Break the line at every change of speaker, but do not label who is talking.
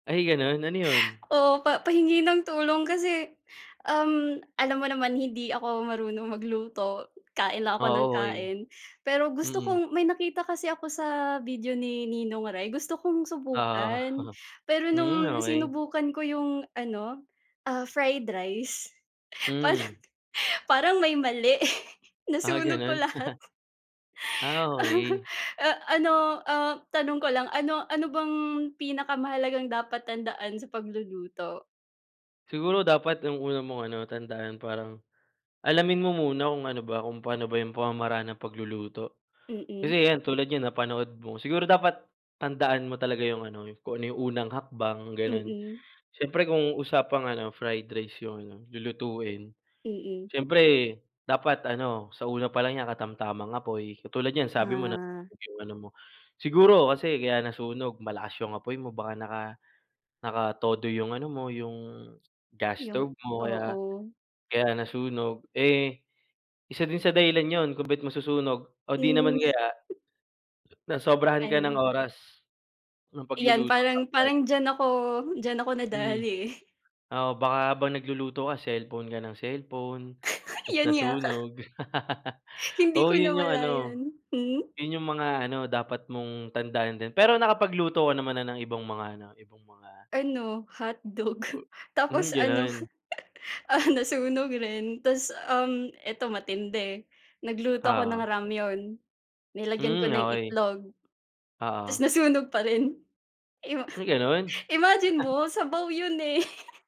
Ay, ganun ano yun?
Oo, pa pahingi ng tulong kasi, um, alam mo naman hindi ako marunong magluto, kain lang ako
Ah,
nang
o oy.
kain. Pero gusto
Mm.
kong may nakita kasi ako sa video ni Ninong Ry gusto kong
Oo,
subukan. Pero
hmm,
nung
okey.
sinubukan ko yung ano, ah, fried rice, parang
Hmm.
parang may mali
Ah,
nasunog ko
ganon.
lahat.
Ah, okey.
Eh, ano, ah, tanong ko lang ano ano bang pinakamahalagang dapat tandaan sa pagluluto?
Siguro dapat ang una mong ano tandaan parang alamin mo muna kung ano ba kung pano ba yung pamamaraan ng pagluluto.
Mm.
Kasi yan tulad niyan napanood mo siguro dapat tandaan mo talaga yung ano kung yung unang hakbang, ganon.
Mm.
Siyempre kung usapang ano, fried rice yung, ano, lulutuin.
Mm.
Siyempre dapat ano sa una pa lang niya katamtamang apoy. Katulad niyan sabi mo
Ah.
nasunog yung ano mo. Siguro kasi kaya nasunog malakas yung apoy mo baka naka nakatodo yung ano mo, yung gas
Yung
stove mo. Kaya
oo.
kaya nasunog, eh, isa din sa dahilan yun kung ba't masusunog o di naman
Is
kaya nasobrahan ka ng
Ano?
oras ng
Iyan
pagluluto that
parang
time.
parang diyan ako diyan ako
Hmm,
nadali, eh.
oo, baka habang nagluluto ka, cellphone ka ng cellphone, tas
Yan nga.
nasunog.
Hindi ko
Oo, yun yung ano,
namalayan, hmm?
yun yung mga ano, dapat mong tandaan din. Pero nakapagluto ka naman na ng ibang mga ano ibang mga,
Ano hotdog
Hmm,
tapos ano,
ganun.
ah, nasunog rin tas, um, eto matindi, nagluto ako ng
Oo.
라면, nilagyan ko
Hmm,
ng
okey.
itlog, tas
Oo.
nasunog pa rin. Im
May ganon?
imagine mo sabaw 'yon eh.